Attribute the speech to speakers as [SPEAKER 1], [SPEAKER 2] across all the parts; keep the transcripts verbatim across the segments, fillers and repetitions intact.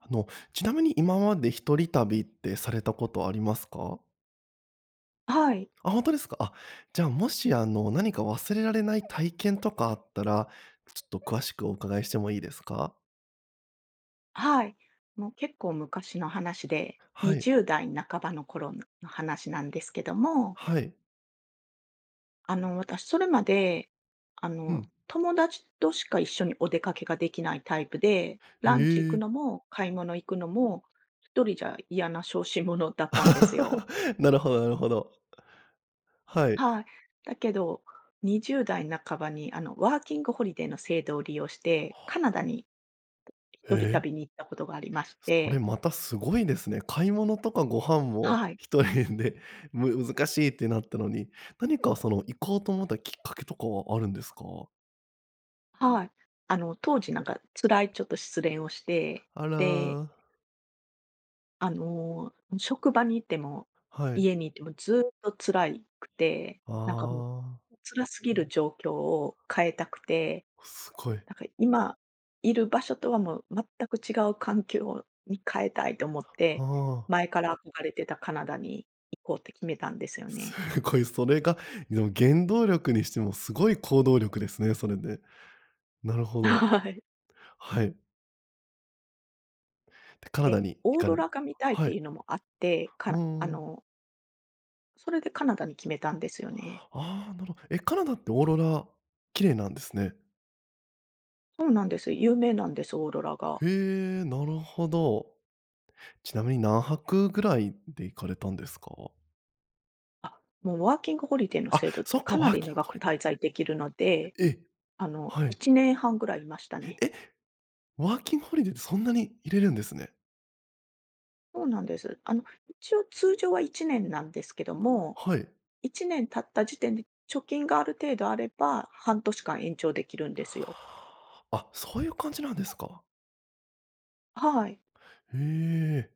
[SPEAKER 1] あの、ちなみに今まで一人旅ってされたことありますか？
[SPEAKER 2] はい。
[SPEAKER 1] あ、本当ですか？あ、じゃ、もし、あの、何か忘れられない体験とかあったら、ちょっと詳しくお伺いしてもいいですか？
[SPEAKER 2] はい。もう結構昔の話で、
[SPEAKER 1] は
[SPEAKER 2] に
[SPEAKER 1] い。
[SPEAKER 2] じゅうだい半ばの頃の話なんですけども。
[SPEAKER 1] はい。
[SPEAKER 2] あの、私それまで、あ
[SPEAKER 1] う
[SPEAKER 2] の、
[SPEAKER 1] ん。
[SPEAKER 2] 友達としか一緒にお出かけができないタイプで、ランチ行
[SPEAKER 1] え
[SPEAKER 2] く
[SPEAKER 1] え。
[SPEAKER 2] のも買い物行くのも、ひとりじゃ嫌な小心者だったんですよ。
[SPEAKER 1] なるほどなるほど。はい。
[SPEAKER 2] はい。だけどにじゅうだい半ばにあのワーキングホリデーの制度を利用して、
[SPEAKER 1] はあ。
[SPEAKER 2] カナダに
[SPEAKER 1] え
[SPEAKER 2] 一人
[SPEAKER 1] え。
[SPEAKER 2] 旅に行ったことがありまし
[SPEAKER 1] それ
[SPEAKER 2] て。
[SPEAKER 1] またすごいですね。買い物とかご飯も
[SPEAKER 2] はい。
[SPEAKER 1] ひとりで、む難しいってなったのに、何かその行こうと思ったきっかけとかはあるんですか？
[SPEAKER 2] はい。あの、当時、なんか辛いちょっと失恋をして、
[SPEAKER 1] あ
[SPEAKER 2] で
[SPEAKER 1] ら。
[SPEAKER 2] あの、職場にいても、
[SPEAKER 1] はい。
[SPEAKER 2] 家にいてもずっと辛いくて。
[SPEAKER 1] あ
[SPEAKER 2] なんかもう
[SPEAKER 1] あ。
[SPEAKER 2] 辛すぎる状況を変えたくて、
[SPEAKER 1] すごい。
[SPEAKER 2] なんか、今いる場所とはもう全く違う環境に変えたいと思って、
[SPEAKER 1] は。
[SPEAKER 2] 前から憧れてたカナダに行こうって決めたんですよね。
[SPEAKER 1] すごい、それがの原動力にしてもすごい行動力ですね、それで。なるほど。
[SPEAKER 2] はい。
[SPEAKER 1] はい。で、カナ
[SPEAKER 2] え、
[SPEAKER 1] ダに行
[SPEAKER 2] オー
[SPEAKER 1] か
[SPEAKER 2] ロ
[SPEAKER 1] れる。
[SPEAKER 2] ラが見たいっ
[SPEAKER 1] はい。
[SPEAKER 2] て
[SPEAKER 1] う
[SPEAKER 2] いうのもあってから、あ
[SPEAKER 1] ーん。
[SPEAKER 2] のそれでカナダに決めたんですよね。
[SPEAKER 1] ああ、なるほど。え、カナダってオーロラ、綺麗なんですね？
[SPEAKER 2] そうなんです。有名なんです、オーロラが。
[SPEAKER 1] へえ、なるほど。ちなみに何泊ぐらいで行かれたんですか？
[SPEAKER 2] あ、もうワーキングホリデーの
[SPEAKER 1] あ、
[SPEAKER 2] 制度っ
[SPEAKER 1] そ
[SPEAKER 2] て
[SPEAKER 1] っか、
[SPEAKER 2] かな
[SPEAKER 1] ワー
[SPEAKER 2] り
[SPEAKER 1] キン
[SPEAKER 2] 長
[SPEAKER 1] グホ
[SPEAKER 2] く
[SPEAKER 1] リデー。
[SPEAKER 2] 滞在できるので。
[SPEAKER 1] ええ、
[SPEAKER 2] あの
[SPEAKER 1] は
[SPEAKER 2] い
[SPEAKER 1] い。
[SPEAKER 2] ちねんはんぐらいいましたね。
[SPEAKER 1] え、ワーキングホリデーってそんなにいれるんですね。
[SPEAKER 2] そうなんです。あの一応通常は1年なんですけども、
[SPEAKER 1] はい。
[SPEAKER 2] いちねん経った時点で貯金がある程度あれば、半年間延長できるんですよ。
[SPEAKER 1] あ、そういう感じなんですか。
[SPEAKER 2] はい。
[SPEAKER 1] へえ。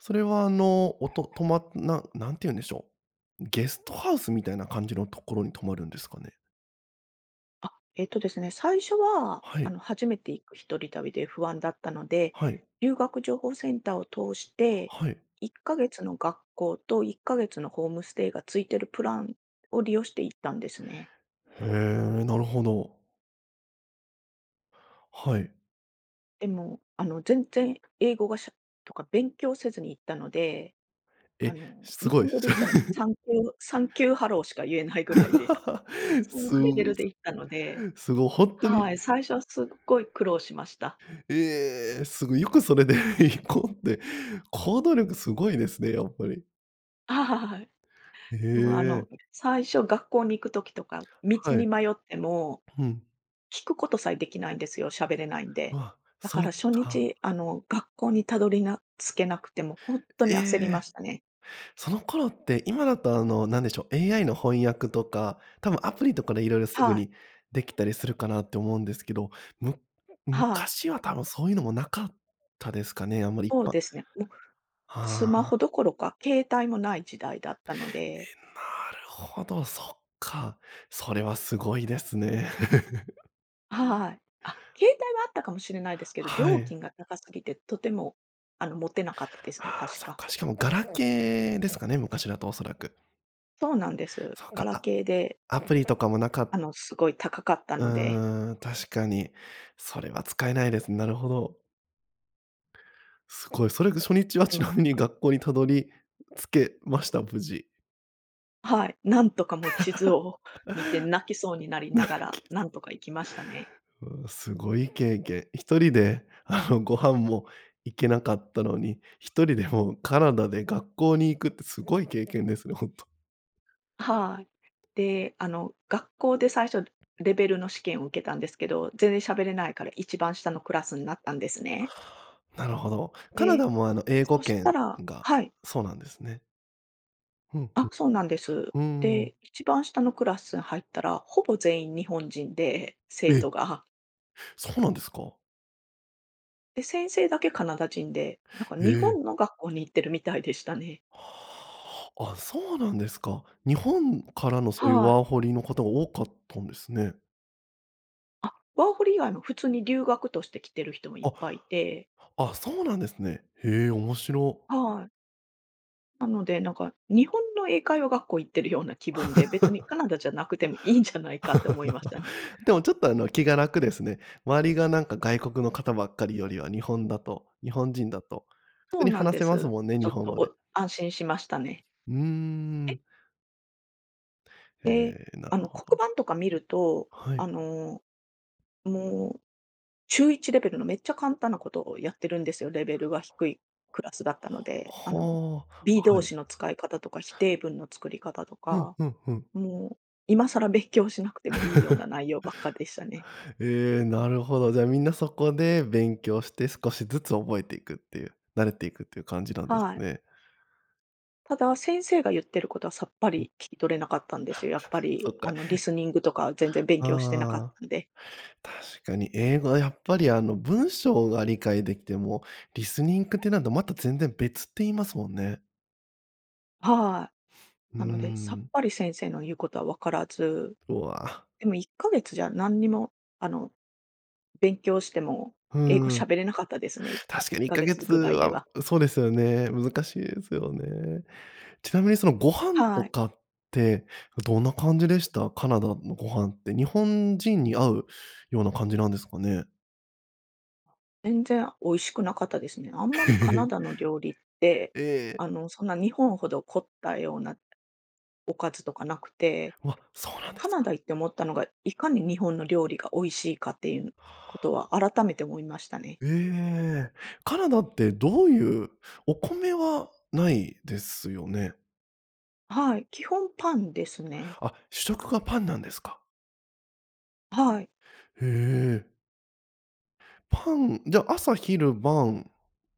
[SPEAKER 1] それはあの、おと泊まっな何て言うんでしょう、ゲストハウスみたいな感じのところに泊まるんですかね？
[SPEAKER 2] あ、えっとですね、最初は
[SPEAKER 1] は
[SPEAKER 2] あ
[SPEAKER 1] い。
[SPEAKER 2] の初めて行く一人旅で不安だったので、
[SPEAKER 1] はい。
[SPEAKER 2] 留学情報センターを通して
[SPEAKER 1] はい。
[SPEAKER 2] いっかげつの学校といっかげつのホームステイがついているプランを利用して行ったんですね。
[SPEAKER 1] へえ、なるほど。はい。
[SPEAKER 2] でも、あの全然英語がしゃとか勉強せずに行ったので、あ
[SPEAKER 1] え！
[SPEAKER 2] の
[SPEAKER 1] す
[SPEAKER 2] 日
[SPEAKER 1] ごい
[SPEAKER 2] 本
[SPEAKER 1] で
[SPEAKER 2] 語
[SPEAKER 1] す。
[SPEAKER 2] で言ったらサンキューサ ンキューハローしか言えないぐらいで、そんな
[SPEAKER 1] す
[SPEAKER 2] レ
[SPEAKER 1] ご
[SPEAKER 2] ベルで行ったので、
[SPEAKER 1] すご本当に。
[SPEAKER 2] はい、最初はすっごい苦労しました。
[SPEAKER 1] ええ、すご、よくそれで行こうって、行動力すごいですね、やっぱり。
[SPEAKER 2] ははははい。
[SPEAKER 1] へ
[SPEAKER 2] でもあの
[SPEAKER 1] え。
[SPEAKER 2] 最初学校に行く時とか、道
[SPEAKER 1] は
[SPEAKER 2] に
[SPEAKER 1] い。
[SPEAKER 2] 迷っても
[SPEAKER 1] うん。
[SPEAKER 2] 聞くことさえできないんですよ、しゃべれないんで。
[SPEAKER 1] わ、
[SPEAKER 2] だか
[SPEAKER 1] そっ
[SPEAKER 2] ら初
[SPEAKER 1] か。
[SPEAKER 2] 日あの学校にたどりな着けなくてもほんっと
[SPEAKER 1] え
[SPEAKER 2] に焦り
[SPEAKER 1] え。
[SPEAKER 2] ましたね。
[SPEAKER 1] その頃って今だとあのなんでしょう。AI の翻訳とか多分アプリとかで色々すぐ
[SPEAKER 2] はい。
[SPEAKER 1] にできたりするかなって思うんですけど、む
[SPEAKER 2] はい。
[SPEAKER 1] 昔は多分そういうのもなかったですかね。あんまりいっ
[SPEAKER 2] そう
[SPEAKER 1] ぱ
[SPEAKER 2] ですね。もうス
[SPEAKER 1] あ
[SPEAKER 2] マホ
[SPEAKER 1] あ。
[SPEAKER 2] どころか携帯もない時代だったので
[SPEAKER 1] え、なるほど、そっか。それはすごいですね。
[SPEAKER 2] はい。あ、携帯はあったかもしれないですけど、
[SPEAKER 1] は
[SPEAKER 2] 料
[SPEAKER 1] い。
[SPEAKER 2] 金が高すぎて、とてもあの持てなかったですね、
[SPEAKER 1] ああ、
[SPEAKER 2] 確
[SPEAKER 1] そう
[SPEAKER 2] か。
[SPEAKER 1] か。しかもガラケーですかね、昔だとおそらく。
[SPEAKER 2] そうなんです。
[SPEAKER 1] そう
[SPEAKER 2] ガ
[SPEAKER 1] か。
[SPEAKER 2] ラ
[SPEAKER 1] あ
[SPEAKER 2] ケーで。
[SPEAKER 1] アプリとかもなかっ
[SPEAKER 2] あのすごい高かった
[SPEAKER 1] う
[SPEAKER 2] ので。
[SPEAKER 1] ーん、確かに。それは使えないです。なるほど。すごい。それが初日はちなみに
[SPEAKER 2] [unintelligible]
[SPEAKER 1] 学校にたどり着けました？無事。
[SPEAKER 2] はい、なんとかも地図を見て 泣きそうになりながら
[SPEAKER 1] [unintelligible]
[SPEAKER 2] なんとか行きましたね。
[SPEAKER 1] うう、すごい経験。一人であのご飯も行けなかったのに、一人でもカナダで学校に行くってすごい経験ですね、ほんと。
[SPEAKER 2] はい。で、あの学校で最初レベルの試験を受けたんですけど、全然喋れないから一番下のクラスになったんですね。
[SPEAKER 1] はあ。なるほど。カナ
[SPEAKER 2] え、
[SPEAKER 1] ダもあの英語
[SPEAKER 2] そした
[SPEAKER 1] 圏
[SPEAKER 2] ら
[SPEAKER 1] が
[SPEAKER 2] はい。
[SPEAKER 1] そうなんですね。うんう
[SPEAKER 2] あ、
[SPEAKER 1] ん。
[SPEAKER 2] そうなんです。
[SPEAKER 1] うーん。
[SPEAKER 2] で、一番下のクラス入ったらほぼ全員日本人で、
[SPEAKER 1] え
[SPEAKER 2] 生徒
[SPEAKER 1] え！
[SPEAKER 2] が
[SPEAKER 1] そうなんですか？
[SPEAKER 2] で、先生だけカナダ人で、なんか
[SPEAKER 1] え
[SPEAKER 2] 日
[SPEAKER 1] え！
[SPEAKER 2] 本の学校に行ってるみたいでしたね。
[SPEAKER 1] はあ。あ、そうなんですか。日本からのそういう
[SPEAKER 2] はい。
[SPEAKER 1] ワーホリの方が多かったんですね。
[SPEAKER 2] あ、ワーホリ以外も普通に留学として来てる人もいっ
[SPEAKER 1] あ。
[SPEAKER 2] ぱいいて
[SPEAKER 1] あ、そうなんですね。へえ、面白。
[SPEAKER 2] はい。なので、なんか日本の英会話学校行ってるような気分で、別にカ ナダじゃなくてもいいんじゃないかと思いましたね。
[SPEAKER 1] でもちょっとあの気が楽ですね。周りがなんか外国の方ばっかりよりは日本だと日本人だと、普
[SPEAKER 2] そ
[SPEAKER 1] 通
[SPEAKER 2] う
[SPEAKER 1] に
[SPEAKER 2] なん
[SPEAKER 1] 話
[SPEAKER 2] で
[SPEAKER 1] せます
[SPEAKER 2] す。
[SPEAKER 1] もんね、
[SPEAKER 2] ちょ
[SPEAKER 1] 日
[SPEAKER 2] っ
[SPEAKER 1] 本
[SPEAKER 2] と
[SPEAKER 1] 語で。
[SPEAKER 2] お安心しましたね。
[SPEAKER 1] うー
[SPEAKER 2] え？
[SPEAKER 1] ん。
[SPEAKER 2] で、
[SPEAKER 1] ええ、なる
[SPEAKER 2] あの
[SPEAKER 1] ほど。
[SPEAKER 2] 黒板とか見ると、
[SPEAKER 1] は
[SPEAKER 2] あ
[SPEAKER 1] い。
[SPEAKER 2] のもうちゅういちレベルのめっちゃ簡単なことをやってるんですよ。レベルが低いクラスだったので。あの
[SPEAKER 1] ほう。
[SPEAKER 2] B
[SPEAKER 1] は
[SPEAKER 2] 動
[SPEAKER 1] い。
[SPEAKER 2] 詞の使い方とか否定文の作り方と
[SPEAKER 1] ふん
[SPEAKER 2] か、
[SPEAKER 1] ふんふん。
[SPEAKER 2] もう今更勉強しなくてもいいような 内容ばっかでしたね。
[SPEAKER 1] ええ、なるほど。じゃ、みんなそこで勉強して少しずつ覚えていくっていう、慣れていくっていう感じなんです
[SPEAKER 2] はい。
[SPEAKER 1] ね。
[SPEAKER 2] ただ、先生が言ってることはさっぱり聞き取れなかったんですよ。やっぱ
[SPEAKER 1] そ
[SPEAKER 2] り
[SPEAKER 1] っ
[SPEAKER 2] あ
[SPEAKER 1] か。
[SPEAKER 2] のリスニングとか全然勉強してなかっ
[SPEAKER 1] ああ、
[SPEAKER 2] たんで。
[SPEAKER 1] 確かに英語はやっぱりあの文章が理解できても、リスニングっていうのとまた全然別って言いますもんね。
[SPEAKER 2] はい。
[SPEAKER 1] うー
[SPEAKER 2] なのでさっ
[SPEAKER 1] ん。
[SPEAKER 2] ぱり先生の言うことはわからず。
[SPEAKER 1] うわ。
[SPEAKER 2] でもいっかげつじゃ何にもあの勉強しても
[SPEAKER 1] う
[SPEAKER 2] 英語
[SPEAKER 1] ん。
[SPEAKER 2] 喋れなかったですね、
[SPEAKER 1] 確
[SPEAKER 2] い
[SPEAKER 1] か
[SPEAKER 2] っ
[SPEAKER 1] にいっ
[SPEAKER 2] か
[SPEAKER 1] か
[SPEAKER 2] げ
[SPEAKER 1] げ
[SPEAKER 2] つ
[SPEAKER 1] つ
[SPEAKER 2] ぐらいで
[SPEAKER 1] は
[SPEAKER 2] は。
[SPEAKER 1] そうですよね。難しいですよね。ちなみにそのご飯と
[SPEAKER 2] はい。
[SPEAKER 1] かってどんな感じでした？カナダのご飯って。日本人に合うような感じなんですかね？
[SPEAKER 2] 全然美味しくなかったですね。あんまりカナ ダの料理って、
[SPEAKER 1] ええ。
[SPEAKER 2] あの、そんな日本ほど凝ったようなおかずとかなくて、
[SPEAKER 1] うわ、そうなんで
[SPEAKER 2] カ
[SPEAKER 1] す
[SPEAKER 2] ナ
[SPEAKER 1] か。
[SPEAKER 2] ダ行って思ったのが、いかに日本の料理が美味しいかっていうこ
[SPEAKER 1] はあ。
[SPEAKER 2] とは改めて思いましたね。
[SPEAKER 1] ええ、カナダってどういうお米はないですよね？
[SPEAKER 2] はい、基本パンですね。
[SPEAKER 1] あ、主食がパンなんですか？
[SPEAKER 2] はい。
[SPEAKER 1] へえ。パンじゃ、朝昼晩、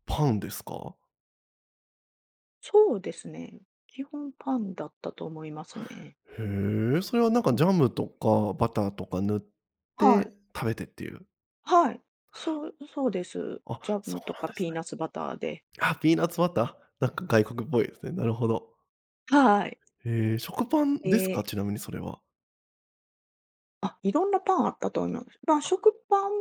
[SPEAKER 1] パンですか？
[SPEAKER 2] そうですね、基本パンだったと思いますね。
[SPEAKER 1] へえ、それはなんかジャムとかバターとか塗っ
[SPEAKER 2] はい。
[SPEAKER 1] て食べてっていう
[SPEAKER 2] はい、そう、そうです。
[SPEAKER 1] あ、
[SPEAKER 2] ジャ
[SPEAKER 1] そ
[SPEAKER 2] ム
[SPEAKER 1] う
[SPEAKER 2] と
[SPEAKER 1] なん
[SPEAKER 2] か
[SPEAKER 1] で
[SPEAKER 2] ピ
[SPEAKER 1] す
[SPEAKER 2] ー
[SPEAKER 1] ね。
[SPEAKER 2] ナツバターで。
[SPEAKER 1] あ、ピーナツバター？なんか外国っぽいですね。なるほど。
[SPEAKER 2] はい。
[SPEAKER 1] へえ、食パンです
[SPEAKER 2] え。
[SPEAKER 1] か？ちなみにそれは。
[SPEAKER 2] あ、いろんなパンあったと思います。まあ、
[SPEAKER 1] あ。
[SPEAKER 2] 食パン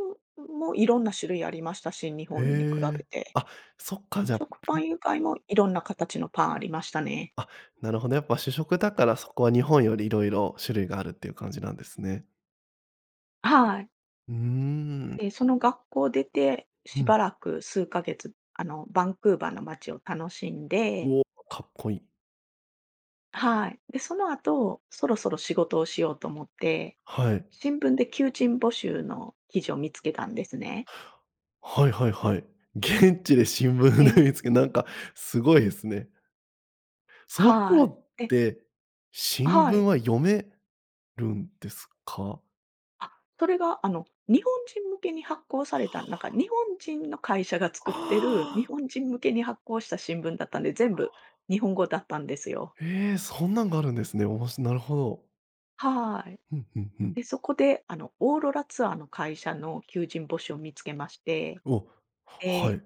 [SPEAKER 2] もいろんな種類ありましたし、日
[SPEAKER 1] へ
[SPEAKER 2] 本に比べ
[SPEAKER 1] え。
[SPEAKER 2] て。
[SPEAKER 1] あ、そっか、じゃん。
[SPEAKER 2] 食パン以外もいろんな形のパンありましたね。
[SPEAKER 1] あ、なるほど、やっぱ主食だからそこは日本より色々種類があるっていう感じなんですね。
[SPEAKER 2] はい。
[SPEAKER 1] うーん。
[SPEAKER 2] ええ、その学校出て、
[SPEAKER 1] う
[SPEAKER 2] し
[SPEAKER 1] ん。
[SPEAKER 2] ばらく数ヶ月、あの、バンクーバーの街を楽しんで
[SPEAKER 1] うお、かっこいい。
[SPEAKER 2] はい。で、その後、そろそろ仕事をしようと思って、
[SPEAKER 1] はい。
[SPEAKER 2] 新聞で求人募集の記事を見つけたんですね。
[SPEAKER 1] はいはいはい。現地で新聞
[SPEAKER 2] え
[SPEAKER 1] で
[SPEAKER 2] え。
[SPEAKER 1] 見つけ、なんかすごいですね。その
[SPEAKER 2] は
[SPEAKER 1] 頃っ
[SPEAKER 2] い。で
[SPEAKER 1] て、
[SPEAKER 2] あ、
[SPEAKER 1] 新
[SPEAKER 2] は
[SPEAKER 1] 聞
[SPEAKER 2] い。
[SPEAKER 1] は読めるんですか？
[SPEAKER 2] あ、それがあの、日本人向けに発行さ
[SPEAKER 1] は
[SPEAKER 2] れた、なんか日
[SPEAKER 1] あ。
[SPEAKER 2] 本人の会社が作ってる、日
[SPEAKER 1] ああ。
[SPEAKER 2] 本人向けに発行した新聞だったんで、
[SPEAKER 1] あ
[SPEAKER 2] 全部
[SPEAKER 1] あ。
[SPEAKER 2] 日本語だったんですよ。
[SPEAKER 1] ええ、そんなんがあるんですね。おもしなるほど。
[SPEAKER 2] はい。
[SPEAKER 1] ふんふんふん。
[SPEAKER 2] で、そこであの、オーロラツアーの会社の求人募集を見つけまして、
[SPEAKER 1] お、は
[SPEAKER 2] え、
[SPEAKER 1] い。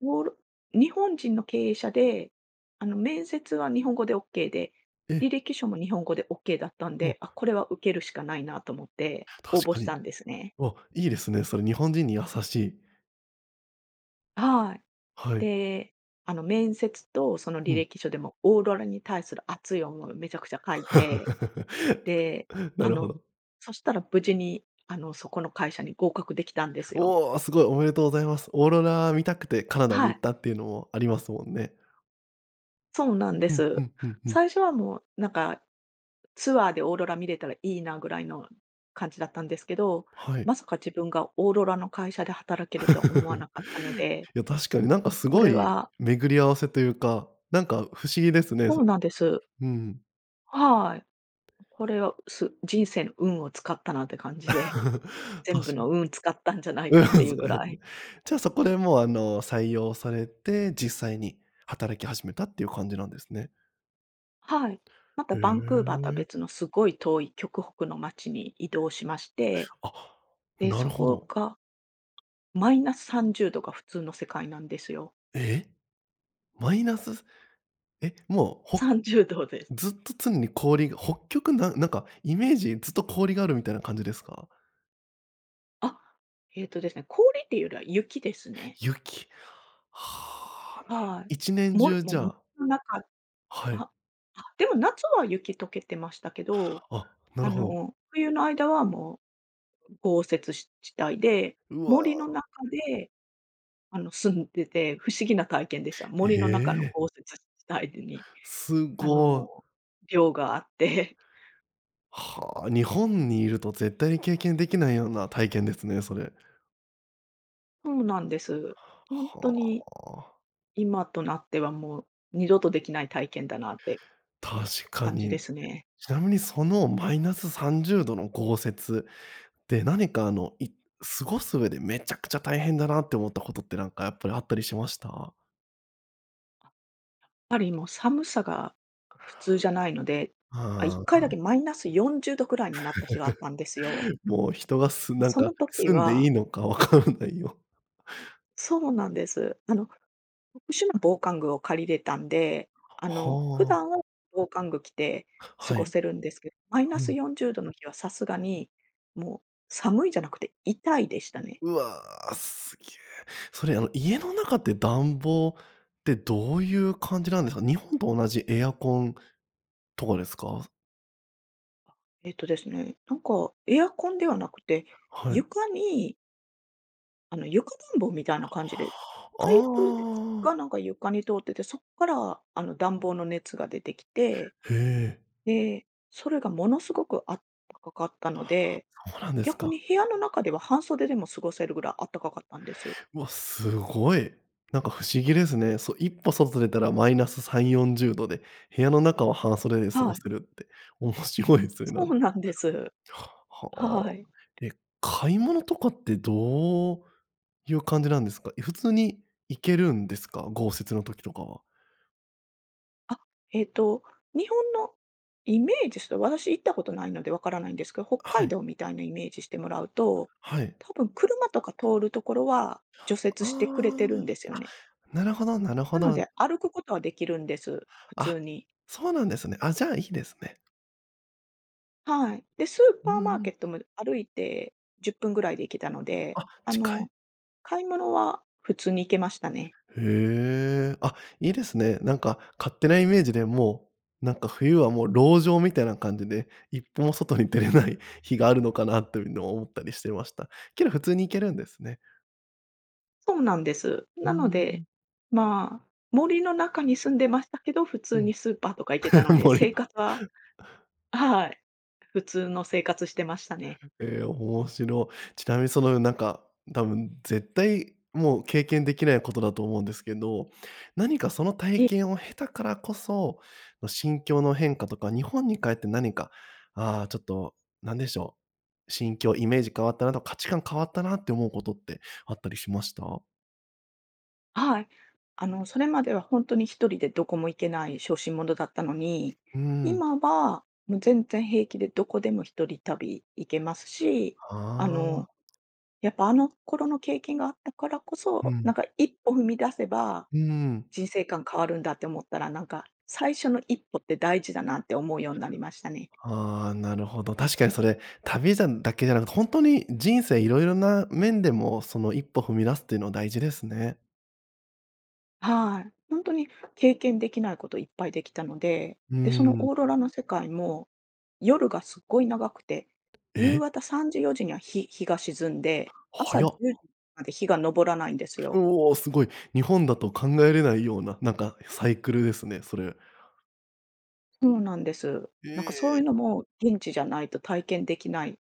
[SPEAKER 2] オーロ日本人の経営者で、あの、面接は日本語でオッケーで、
[SPEAKER 1] え。
[SPEAKER 2] 履歴書も日本語でオッケーだったん
[SPEAKER 1] お。
[SPEAKER 2] で、あ、これは受けるしかないなと思って、応
[SPEAKER 1] 確
[SPEAKER 2] 募
[SPEAKER 1] か
[SPEAKER 2] し
[SPEAKER 1] に。
[SPEAKER 2] たんですね。
[SPEAKER 1] あ、いいですね。それ日本人に優しい。
[SPEAKER 2] はい。
[SPEAKER 1] はい。
[SPEAKER 2] で。あの面接と、その
[SPEAKER 1] う
[SPEAKER 2] 履
[SPEAKER 1] ん。
[SPEAKER 2] 歴書でも、オーロラに対する熱い思いをめちゃくちゃ書いて、で、
[SPEAKER 1] な
[SPEAKER 2] あ
[SPEAKER 1] るほ
[SPEAKER 2] の、
[SPEAKER 1] ど。
[SPEAKER 2] そしたら、無事にあの、そこの会社に合格できたんですよ。
[SPEAKER 1] おお、すごい。おめでとうございます。オーロラ見たくて、カナダに
[SPEAKER 2] は
[SPEAKER 1] 行
[SPEAKER 2] い。
[SPEAKER 1] ったっていうのもありますもんね。
[SPEAKER 2] そうなんで
[SPEAKER 1] うんう
[SPEAKER 2] す。
[SPEAKER 1] んうんうん。
[SPEAKER 2] 最初はもう、なんか、ツアーでオーロラ見れたらいいなぐらいの感じだったんですけど、
[SPEAKER 1] はい。
[SPEAKER 2] まさか自分がオーロラの会社で働けるとは思わな かったので。
[SPEAKER 1] いや確かに、なんか
[SPEAKER 2] もう
[SPEAKER 1] す
[SPEAKER 2] こ
[SPEAKER 1] ご
[SPEAKER 2] れ
[SPEAKER 1] い
[SPEAKER 2] は。
[SPEAKER 1] 巡り合わせというか。なんか不思議ですね。
[SPEAKER 2] そうなんです。
[SPEAKER 1] うん。
[SPEAKER 2] はい。これは、す人生の運を使ったなって感じで。全
[SPEAKER 1] ぱ
[SPEAKER 2] 部
[SPEAKER 1] し。
[SPEAKER 2] の運使ったんじゃない
[SPEAKER 1] うん。
[SPEAKER 2] かっていうぐ
[SPEAKER 1] だよ
[SPEAKER 2] らい。
[SPEAKER 1] ね。じゃ、そこでもうあの、採用されて、実際に働き始めたっていう感じなんですね。
[SPEAKER 2] はい。また
[SPEAKER 1] へ
[SPEAKER 2] バンクーバーとは
[SPEAKER 1] え。
[SPEAKER 2] 別の、すごい遠い極北の街に移動しまして。
[SPEAKER 1] あ、
[SPEAKER 2] で、
[SPEAKER 1] な
[SPEAKER 2] そ
[SPEAKER 1] るほ
[SPEAKER 2] こ
[SPEAKER 1] ど。
[SPEAKER 2] がマイナスさんじゅうどが普通の世界なんですよ。
[SPEAKER 1] え！マイナスｰｰえ、もう、ほ
[SPEAKER 2] さんじゅうどです。
[SPEAKER 1] ずっと常に氷が北極ななんかイメージ、ずっと氷があるみたいな感じですか？
[SPEAKER 2] あ、ええとですね、氷っていうよりは雪ですね。
[SPEAKER 1] 雪、はあ、なる、
[SPEAKER 2] は
[SPEAKER 1] いちね
[SPEAKER 2] い。
[SPEAKER 1] ん
[SPEAKER 2] も
[SPEAKER 1] じゅ
[SPEAKER 2] る
[SPEAKER 1] う
[SPEAKER 2] も
[SPEAKER 1] じ
[SPEAKER 2] も
[SPEAKER 1] ゃ
[SPEAKER 2] 森
[SPEAKER 1] あ。
[SPEAKER 2] の中、
[SPEAKER 1] はい。
[SPEAKER 2] ああ、でも夏は雪溶けてましたけど、
[SPEAKER 1] あ、な
[SPEAKER 2] あ
[SPEAKER 1] るほど。
[SPEAKER 2] の冬の間はもう、豪雪し地帯で、
[SPEAKER 1] う
[SPEAKER 2] 森の
[SPEAKER 1] わ。
[SPEAKER 2] 中で、あの住んでて、不思議な体験でした。
[SPEAKER 1] え
[SPEAKER 2] 森の中の
[SPEAKER 1] え。
[SPEAKER 2] 豪雪地帯に
[SPEAKER 1] す
[SPEAKER 2] あ
[SPEAKER 1] ご。
[SPEAKER 2] の、寮があって。
[SPEAKER 1] はあ、日本にいると絶対に経験できないような体験ですね、それ。
[SPEAKER 2] そうなんですほんと
[SPEAKER 1] は
[SPEAKER 2] に。
[SPEAKER 1] あ。
[SPEAKER 2] 今となってはもう二度とできない体験だなって
[SPEAKER 1] 確か
[SPEAKER 2] 感じで
[SPEAKER 1] に。
[SPEAKER 2] すね。
[SPEAKER 1] ちなみにそのマイナスさんじゅうどの豪雪で何かあのい過ごす上でめちゃくちゃ大変だなって思ったことってなんかやっぱりあったりしました？
[SPEAKER 2] やっぱりもう寒さが普通じゃないので、あ、一
[SPEAKER 1] あ
[SPEAKER 2] 回だ
[SPEAKER 1] あ。
[SPEAKER 2] けマイナスよんじゅうどくらいになった日があったんですよ。
[SPEAKER 1] もう人がす
[SPEAKER 2] ま、
[SPEAKER 1] なん
[SPEAKER 2] そ
[SPEAKER 1] か
[SPEAKER 2] の時
[SPEAKER 1] 住んでい
[SPEAKER 2] は
[SPEAKER 1] いのかわからないよ。
[SPEAKER 2] そうなんです。あの特殊な防寒具を借りれたんで、あの普
[SPEAKER 1] はあ。
[SPEAKER 2] 段は防寒具着て過
[SPEAKER 1] は
[SPEAKER 2] ご
[SPEAKER 1] い。
[SPEAKER 2] せるんですけど、マイナ
[SPEAKER 1] う
[SPEAKER 2] ス
[SPEAKER 1] ん。
[SPEAKER 2] よんじゅうどの日はさすがにもう寒いじゃなくて痛いでしたね。
[SPEAKER 1] うわ、すげ。それあの家の中って暖房ってどういう感じなんですか？日本と同じエアコンとかですか？
[SPEAKER 2] あ、えっとですね。なんか、エアコンではなくて
[SPEAKER 1] はい。
[SPEAKER 2] 床にあの、床暖房みたいな感じで、パイプ
[SPEAKER 1] あ
[SPEAKER 2] が
[SPEAKER 1] あ。
[SPEAKER 2] なんか床に通っててそっから、あの、暖房の熱が出てきて。
[SPEAKER 1] へえ。
[SPEAKER 2] で、それがものすごくあったかかったので、
[SPEAKER 1] そうなんです
[SPEAKER 2] 逆に
[SPEAKER 1] か。
[SPEAKER 2] 部屋の中では半袖でも過ごせるぐらいあったかかったんです。
[SPEAKER 1] わ、すごい。なんか不思議ですね。そいっぽ外出たらマイナスさんよんじゅうどで、部屋の中は半袖で過
[SPEAKER 2] は
[SPEAKER 1] ご
[SPEAKER 2] い。
[SPEAKER 1] せるって面白いすね。な
[SPEAKER 2] そ
[SPEAKER 1] ん
[SPEAKER 2] うなんです。
[SPEAKER 1] は。
[SPEAKER 2] はい。
[SPEAKER 1] え、買い物とかってどういう感じなんですか？い普通に行けるんですか、豪雪の時とかは。
[SPEAKER 2] あ、えっと日本のイメージですと、私行ったことないのでわからないんですけど、北
[SPEAKER 1] は
[SPEAKER 2] 海
[SPEAKER 1] い。
[SPEAKER 2] 道みたいなイメージしてもらうと、
[SPEAKER 1] はい。
[SPEAKER 2] 多分車とか通るところは除雪
[SPEAKER 1] あ
[SPEAKER 2] してくれてるんですよ
[SPEAKER 1] あ、あ、
[SPEAKER 2] ね。
[SPEAKER 1] なるほどなる
[SPEAKER 2] な
[SPEAKER 1] ほ
[SPEAKER 2] の
[SPEAKER 1] ど。
[SPEAKER 2] で、歩くことはできるんです。普
[SPEAKER 1] あ、
[SPEAKER 2] 通に。
[SPEAKER 1] そうなんですね。あ、じゃあいいですね。
[SPEAKER 2] はい。で、スー
[SPEAKER 1] うん
[SPEAKER 2] パ
[SPEAKER 1] う
[SPEAKER 2] ーマーケ
[SPEAKER 1] ん。
[SPEAKER 2] ットも歩いてじゅっぷんぐらいで行けたので、
[SPEAKER 1] あ、
[SPEAKER 2] あ
[SPEAKER 1] 近い。
[SPEAKER 2] の、買い物は普通に行けましたね。
[SPEAKER 1] へえ、あ、いいですね。なんか勝手なイメージで、もう、なんか冬はもう籠城みたいな感じで、一歩も外に出れない日があるのかなというの思ったりしてました。けど普通に行けるんですね。
[SPEAKER 2] とうなんです。
[SPEAKER 1] うー
[SPEAKER 2] なので、
[SPEAKER 1] ん。
[SPEAKER 2] まあ、森の中に住んでましたけど、普
[SPEAKER 1] う
[SPEAKER 2] 通
[SPEAKER 1] ん。
[SPEAKER 2] にスーパーとか行けたの で、
[SPEAKER 1] 森
[SPEAKER 2] 生
[SPEAKER 1] の。
[SPEAKER 2] 活ははい、普通の生活してましたね。
[SPEAKER 1] ええ、面白い。ちなみにその、うなんか多分絶対もう経験できないことだと思うんですけど、何かその
[SPEAKER 2] え
[SPEAKER 1] 体
[SPEAKER 2] え。
[SPEAKER 1] 験を経たからこそ、わ心境の変化とか日本に帰って何か、ああ、ちょっと何でしょう、心境、イメージ変わったなと価値観変わったなって思うことってあったりしました？
[SPEAKER 2] はい。あの、それまではほんとに一人でどこも行けない小心者だったのに、
[SPEAKER 1] うーん。
[SPEAKER 2] 今はもう全然平気でどこでも一人旅行けますし、
[SPEAKER 1] あ
[SPEAKER 2] あの、
[SPEAKER 1] あ。
[SPEAKER 2] やっぱあの頃の経験があったからこ
[SPEAKER 1] う
[SPEAKER 2] そ、な
[SPEAKER 1] ん。
[SPEAKER 2] んか、一歩踏み出せば、
[SPEAKER 1] うーん。
[SPEAKER 2] 人生観変わるんだって思ったら、なんか、最初の一歩って大事だなって思うようなりましたね。
[SPEAKER 1] ああ、なるほど。確かにそれ、旅じゃんだけじゃなく、ほんとに人生色々な面でもその一歩踏み出すっていうのは大事ですね。
[SPEAKER 2] はい。本当に経験できないこといっぱいできたので、
[SPEAKER 1] うー
[SPEAKER 2] で、その
[SPEAKER 1] ん。
[SPEAKER 2] オーロラの世界も夜がすっごい長くて、夕
[SPEAKER 1] え。
[SPEAKER 2] 方さんじよじには、ひ日が沈んで、
[SPEAKER 1] は
[SPEAKER 2] 朝じ
[SPEAKER 1] や。
[SPEAKER 2] ゅうじまで日が昇らないんです
[SPEAKER 1] う
[SPEAKER 2] よ。
[SPEAKER 1] お、すごい。日本だと考えれないような、なんかサイクルですね、それ。
[SPEAKER 2] そうなんです。
[SPEAKER 1] え
[SPEAKER 2] なんかそうい
[SPEAKER 1] え。
[SPEAKER 2] うのも現地じゃないと体験できない、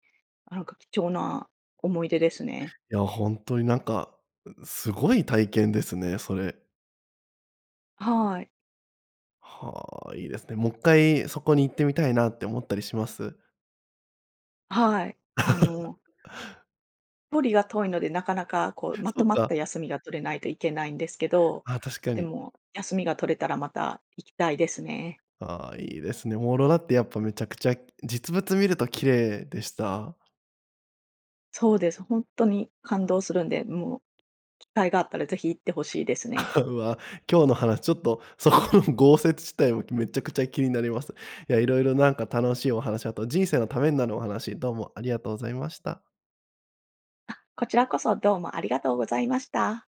[SPEAKER 2] なんか貴重な思い出ですね。
[SPEAKER 1] いや、本当になんか、すごい体験ですね、それ。
[SPEAKER 2] はい。
[SPEAKER 1] はあ、いいですね。もういっかいそこに行ってみたいなって思ったりします？
[SPEAKER 2] はい、あの。距離が遠いので、なかなかこうま
[SPEAKER 1] そ
[SPEAKER 2] と
[SPEAKER 1] う
[SPEAKER 2] まっ
[SPEAKER 1] か。
[SPEAKER 2] た休みが取れないといけないんですけど、
[SPEAKER 1] ああ、確か
[SPEAKER 2] で
[SPEAKER 1] に。
[SPEAKER 2] も休みが取れたらまた行きたいですね。
[SPEAKER 1] ああ、いいですね。オーロラってやっぱ、めちゃくちゃ実物見ると綺麗でした？
[SPEAKER 2] そうです。本当に感動するんで、もう機会があったら是非行って欲しいですね。
[SPEAKER 1] うわ、今日の話ちょっとそこの豪雪地帯もめちゃくちゃ気になります。いや、色々なんか楽しいお話、あと人生のためになるお話どうもありがとうございました。
[SPEAKER 2] あ、こちらこそどうもありがとうございました。